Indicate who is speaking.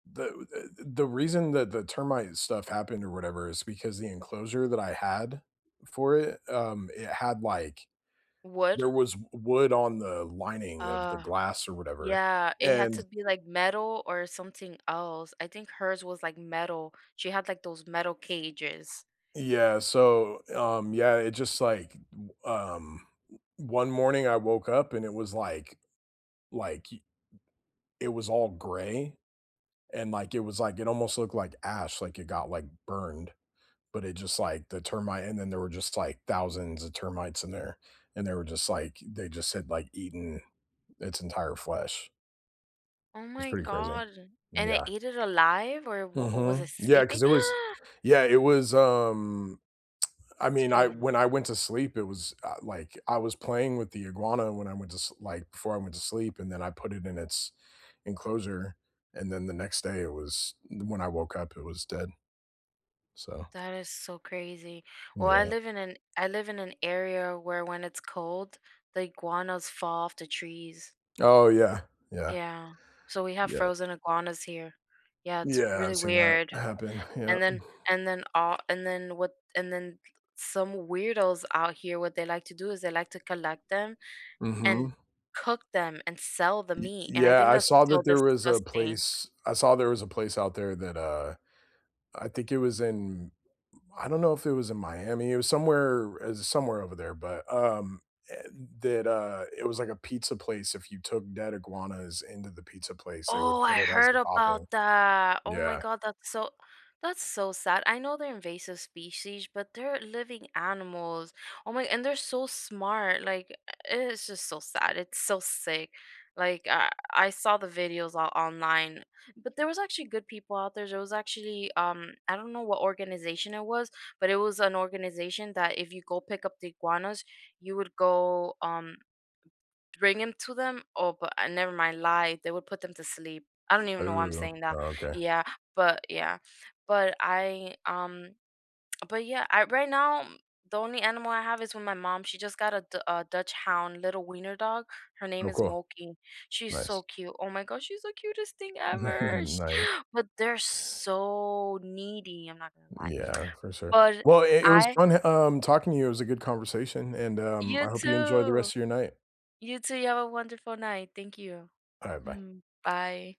Speaker 1: The w the the reason that the termite stuff happened or whatever is because the enclosure that I had for it, um, it had, like
Speaker 2: Wood.
Speaker 1: there was w wood on the lining of the
Speaker 2: Oh,
Speaker 1: glass or whatever,
Speaker 2: yeah, it had to
Speaker 1: and
Speaker 2: be, like, metal or something else. I think hers was, like, metal. She had, like, those metal cages.
Speaker 1: Yeah, so, um Yeah, it's just, like, b b um, o one morning I woke up and it was like like y it was all gray, and, like, it was like, it almost looked like ash, like it got, like, burned, but it just, like, the termite, and then there were just, like, thousands of termites in there, and they were just like they just had, like, eaten its entire flesh.
Speaker 2: Oh
Speaker 1: It's
Speaker 2: my
Speaker 1: pretty crazy.
Speaker 2: god, and it
Speaker 1: Yeah.
Speaker 2: ate it alive or w was it
Speaker 1: Mhm. Yeah,
Speaker 2: sleeping?
Speaker 1: 'cause they was Yeah, it was, um I
Speaker 2: It's
Speaker 1: mean, I
Speaker 2: crazy.
Speaker 1: when I went to sleep, it was, uh, like I was playing with the iguana when I went to s like, before I went to sleep, and then I put it in its enclosure, and then the next day it was d when I woke up, it was dead. So
Speaker 2: That is so crazy. Well, I
Speaker 1: Yeah.
Speaker 2: live in an I live in an area where when it's cold, the iguanas fall off the trees.
Speaker 1: Oh yeah, yeah.
Speaker 2: Yeah, so we have
Speaker 1: Yeah.
Speaker 2: frozen iguanas here. Yeah, it's
Speaker 1: Yeah,
Speaker 2: really
Speaker 1: I've seen that
Speaker 2: weird.
Speaker 1: happen. Yeah.
Speaker 2: And then and then, uh and then what and then some weirdos out here, what they like to do is they like to collect them and
Speaker 1: Mhm.
Speaker 2: cook them and sell the
Speaker 1: Y
Speaker 2: meat, and I
Speaker 1: Yeah,
Speaker 2: think
Speaker 1: I
Speaker 2: that's
Speaker 1: saw
Speaker 2: so
Speaker 1: that there was a
Speaker 2: disgusting.
Speaker 1: place I saw there was a place out there that, uh I think it was in I don't know if it was in Miami, it was somewhere, uh somewhere over there, but, um and that, uh it was like a pizza place, if you took dead iguanas into the pizza place, they would
Speaker 2: Oh, I
Speaker 1: put it as
Speaker 2: heard
Speaker 1: a topping.
Speaker 2: about that. Oh my
Speaker 1: Yeah.
Speaker 2: god, that's so that's so sad. I know they're invasive species, but they're living animals. Oh my and they're so smart, like e i it's just so sad. It's so sick, like, I I saw the videos o online. But there was actually good people out there. There was actually, um I don't know what organization it was, but it was an organization that if you go pick up the iguanas, you would go, um, bring 'em to them. Oh, but I never mind lie, they would put them to sleep. I don't even know why I'm
Speaker 1: Ooh,
Speaker 2: saying that.
Speaker 1: okay.
Speaker 2: Yeah, but Yeah. But I, um but yeah, I right now m the only animal I have is with my mom. She just got a Du a Dachshund, little wiener dog. Her name
Speaker 1: Oh,
Speaker 2: is
Speaker 1: cool.
Speaker 2: Moki. She's so
Speaker 1: Nice.
Speaker 2: cute. Oh my gosh, she's the cutest thing ever. Sh
Speaker 1: Nice.
Speaker 2: But they're so needy. I'm not gonna lie.
Speaker 1: Yeah, for sure.
Speaker 2: But
Speaker 1: Well, it it was
Speaker 2: I
Speaker 1: fun e um, talking to you. It was a good conversation, and, um,
Speaker 2: You
Speaker 1: I hope you enjoy the
Speaker 2: too.
Speaker 1: rest of your night.
Speaker 2: You too. You have a wonderful night. Thank you.
Speaker 1: Alright, bye.
Speaker 2: Mhm. Bye.